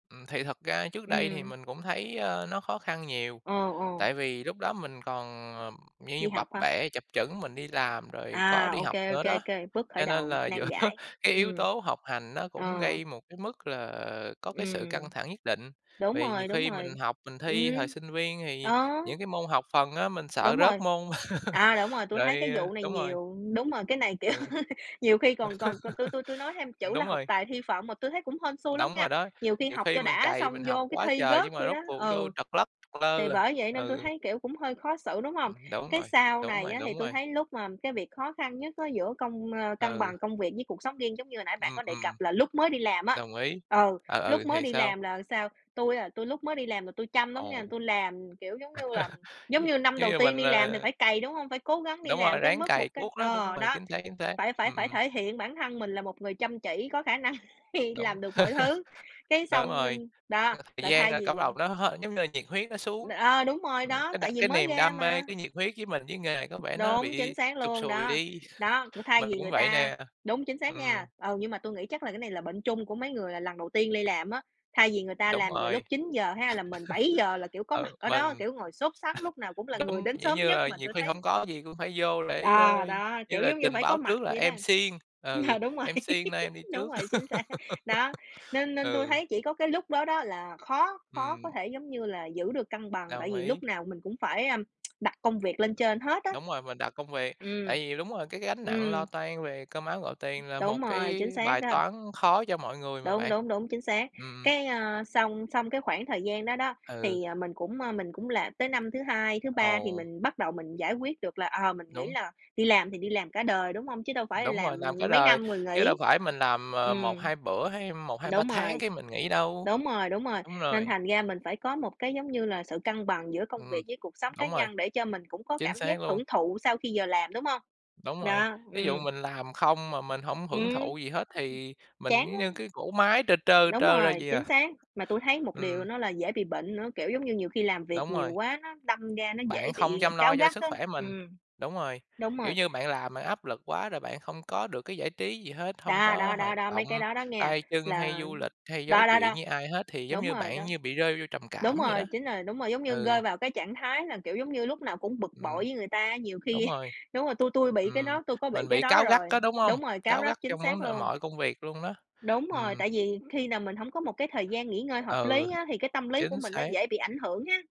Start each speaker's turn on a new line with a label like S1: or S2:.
S1: Ừm, thì thật ra trước đây thì
S2: Ừm.
S1: mình cũng thấy, ơ, nó khó khăn nhiều,
S2: Ồ, ồ.
S1: tại vì lúc đó mình còn, ờ, như như
S2: Đi
S1: bập
S2: học hả?
S1: bẹ chập chững mình đi làm rồi có
S2: À!
S1: đi
S2: Ô
S1: học
S2: kê, ô
S1: nữa
S2: kê,
S1: đó.
S2: ô kê, bước khởi
S1: Cho nên
S2: đầu
S1: là giữa
S2: nan giải,
S1: cái yếu
S2: ừm.
S1: tố học hành nó cũng
S2: Ờ.
S1: gây một cái mức là có cái sự căng
S2: Ừm.
S1: thẳng nhất định,
S2: Đúng
S1: vì nhiều
S2: rồi, đúng
S1: khi mình
S2: rồi.
S1: học, mình
S2: Ừm.
S1: thi thời sinh viên thì
S2: Ờ.
S1: những cái môn học phần á, mình sợ
S2: Đúng
S1: rớt
S2: rồi,
S1: môn.
S2: đó, đúng rồi, tui
S1: Rồi
S2: thấy cái vụ này
S1: đúng rồi.
S2: nhiều đúng rồi, cái này kiểu
S1: Ừ.
S2: nhiều khi còn còn còn tui tui tui nói thêm
S1: Ừm,
S2: chữ là
S1: đúng
S2: học
S1: rồi.
S2: tài thi phận mà tui thấy cũng hên xui lắm
S1: Đóng
S2: nghe.
S1: rồi đó,
S2: Nhiều khi
S1: nhiều
S2: học
S1: khi
S2: cho
S1: mình
S2: đã
S1: cày,
S2: xong
S1: mình học
S2: vô cái
S1: quá
S2: thi
S1: trời
S2: rớt
S1: nhưng mà
S2: vậy
S1: rốt
S2: đó
S1: cuộc vô
S2: ừ.
S1: trật lất
S2: Thì
S1: lơ à,
S2: bởi vậy nên tui
S1: ừ.
S2: thấy kiểu cũng hơi khó xử, đúng hông?
S1: Ừm, đúng
S2: Cái
S1: rồi,
S2: sau
S1: đúng
S2: này
S1: rồi,
S2: á thì
S1: đúng
S2: tui
S1: rồi.
S2: thấy lúc mà cái việc khó khăn nhất á giữa công ơ cân
S1: Ừ.
S2: bằng công việc với cuộc sống riêng giống như hồi nãy bạn
S1: Ừm,
S2: có đề
S1: ừm.
S2: cập là lúc mới đi làm á
S1: Đồng ý,
S2: ừ,
S1: ờ, ừ,
S2: lúc mới
S1: thì
S2: đi
S1: sao?
S2: làm, là sao? Tui, à, tui lúc mới đi làm là tui chăm lắm nghe,
S1: Ồ.
S2: tui làm, kiểu giống như là, giống như năm
S1: Nếu
S2: đầu
S1: như
S2: tiên
S1: mình,
S2: đi làm thì
S1: ờ
S2: phải cày, đúng hông? Phải cố gắng đi
S1: Đúng rồi,
S2: làm tới
S1: ráng
S2: mức
S1: cày
S2: một cái
S1: cuốc đó, đúng
S2: ờ,
S1: rồi,
S2: đó,
S1: chính xác, chính xác,
S2: phải phải
S1: ừm,
S2: phải
S1: ừm.
S2: thể hiện bản thân mình là một người chăm chỉ có khả năng khi
S1: Đúng.
S2: làm được mọi thứ, cái
S1: Đúng
S2: xong,
S1: rồi,
S2: ưm đó,
S1: thời
S2: là
S1: gian
S2: thay
S1: là
S2: vì
S1: cấp đầu nó hết giống như là nhiệt huyết nó xuống,
S2: ờ, đúng rồi
S1: ừm,
S2: đó,
S1: cái đ
S2: tại vì
S1: cái
S2: mới
S1: niềm
S2: ra
S1: đam mê,
S2: mà.
S1: cái nhiệt huyết với mình với nghề này có vẻ nó
S2: Đúng, chính
S1: bị
S2: xác
S1: sụt
S2: luôn,
S1: sùi
S2: đó,
S1: đi.
S2: đó, cũng thay
S1: Mình
S2: vì
S1: cũng
S2: người
S1: vậy
S2: ta
S1: nè.
S2: đúng chính xác nha.
S1: Ừm.
S2: Ừ, nhưng mà tui nghĩ chắc là cái này là bệnh chung của mấy người là lần đầu tiên đi làm á, thay vì người ta
S1: Đúng
S2: làm vào lúc
S1: rồi.
S2: 9:00 ha, là mình 7:00 là kiểu có mặt
S1: Ừ,
S2: ở đó,
S1: mình
S2: kiểu ngồi sốt sắn lúc nào cũng là người
S1: giống,
S2: đến
S1: dạng
S2: sớm
S1: như
S2: nhất,
S1: là,
S2: mà
S1: nhiều
S2: tui
S1: khi
S2: thấy
S1: hổng có gì cũng phải vô để,
S2: Ờ,
S1: ơ,
S2: đó,
S1: như
S2: kiểu
S1: là
S2: giống như
S1: trình
S2: phải có
S1: báo
S2: mặt
S1: trước là
S2: vậy đó.
S1: em siêng, ừ,
S2: Ờ, đúng rồi,
S1: em siêng nên em đi
S2: đúng
S1: trước.
S2: rồi, chính xác, đó, nên nên tui
S1: Ừ.
S2: thấy chỉ có cái lúc đó đó là khó khó có
S1: Ừm.
S2: thể giống như là giữ được cân bằng, tại
S1: Đồng
S2: vì
S1: ý.
S2: lúc nào mình cũng phải a, đặt công việc lên trên hết á.
S1: Đúng rồi, mình đạo công việc.
S2: Ừm.
S1: Tại vì đúng rồi, cái gánh nặng lo
S2: Ừm.
S1: toan về cơm áo gạo tiền là
S2: Đúng
S1: một
S2: rồi,
S1: cái
S2: chính xác
S1: bài
S2: đó.
S1: toán khó cho mọi người mà
S2: Đúng,
S1: bạn.
S2: đúng, đúng, chính xác.
S1: Ừm, ừm.
S2: Cái ơ, xong xong cái khoảng thời gian đó đó
S1: Ừ.
S2: thì, ờ, mình cũng, ơ, mình cũng làm tới năm thứ 2, thứ 3 thì
S1: Ồ.
S2: mình bắt đầu mình giải quyết được là, ờ, mình nghĩ
S1: Đúng.
S2: là "Đi làm thì đi làm cả đời.", đúng hông? Chứ đâu phải
S1: Đúng rồi,
S2: làm
S1: làm cả
S2: mấy
S1: đời,
S2: năm rồi
S1: chứ đâu
S2: nghỉ.
S1: phải mình làm, ờ, một
S2: Ừm.
S1: hai bữa hay 1, 2, 3
S2: Đúng
S1: tháng
S2: rồi,
S1: cái mình nghỉ đâu.
S2: đúng rồi, đúng rồi,
S1: Đúng
S2: nên
S1: rồi.
S2: thành ra mình phải có một cái giống như là sự cân bằng giữa công
S1: Ừm,
S2: việc với cuộc sống cá
S1: đúng rồi.
S2: nhân để cho mình cũng có
S1: Chính
S2: cảm giác
S1: xác luôn.
S2: hưởng thụ sau khi giờ làm, đúng hông?
S1: Đúng rồi,
S2: Đó,
S1: thí dụ
S2: ừm.
S1: mình làm không mà mình hổng hưởng
S2: Ừm,
S1: thụ gì hết thì mình
S2: chán
S1: giống như
S2: lắm.
S1: cái cỗ máy trơ trơ,
S2: Đúng
S1: trơ ra
S2: rồi,
S1: vậy
S2: chính
S1: à.
S2: xác, mà tui thấy một điều
S1: Ừm.
S2: nữa là dễ bị bệnh nữa, kiểu giống như nhiều khi làm việc
S1: Đúng
S2: nhiều
S1: rồi.
S2: quá nó đâm ra nó dễ
S1: Bạn không
S2: bị
S1: chăm lo
S2: cáu
S1: cho
S2: gắt
S1: sức
S2: á.
S1: khỏe mình,
S2: Ừm.
S1: đúng rồi,
S2: Đúng
S1: kiểu
S2: rồi.
S1: như bạn làm bạn áp lực quá rồi bạn không có được cái giải trí gì hết, hông
S2: Đó,
S1: có
S2: đó, đó,
S1: hoạt
S2: đó,
S1: động
S2: mấy cái đó đó nghe
S1: tay chân hay
S2: là
S1: du lịch hay nói
S2: đó, đó,
S1: chuyện
S2: đó.
S1: với ai hết, thì giống
S2: Đúng
S1: như
S2: rồi
S1: bạn
S2: đó.
S1: như bị rơi vô trầm
S2: Đúng
S1: cảm vậy
S2: rồi,
S1: đó.
S2: chính rồi, đúng rồi, giống như
S1: Ừ.
S2: rơi vào cái trạng thái là kiểu giống như lúc nào cũng bực bội
S1: Ừm.
S2: với người ta, nhiều
S1: Đúng
S2: khi
S1: rồi.
S2: đúng rồi, tui tui bị cái
S1: Ừm,
S2: đó, tui có bị
S1: mình
S2: cái
S1: bị
S2: đó
S1: cáu gắt
S2: rồi.
S1: á, đúng hông?
S2: Đúng rồi, cáu
S1: Cáu
S2: gắt,
S1: gắt
S2: chính
S1: trong
S2: xác
S1: vấn đề
S2: luôn.
S1: mọi công việc luôn đó.
S2: Đúng rồi,
S1: Ừm.
S2: tại vì khi nào mình hổng có một cái thời gian nghỉ ngơi hợp
S1: Ừ,
S2: lý á, thì cái tâm lý của
S1: chính
S2: mình nó
S1: xác.
S2: dễ bị ảnh hưởng ha!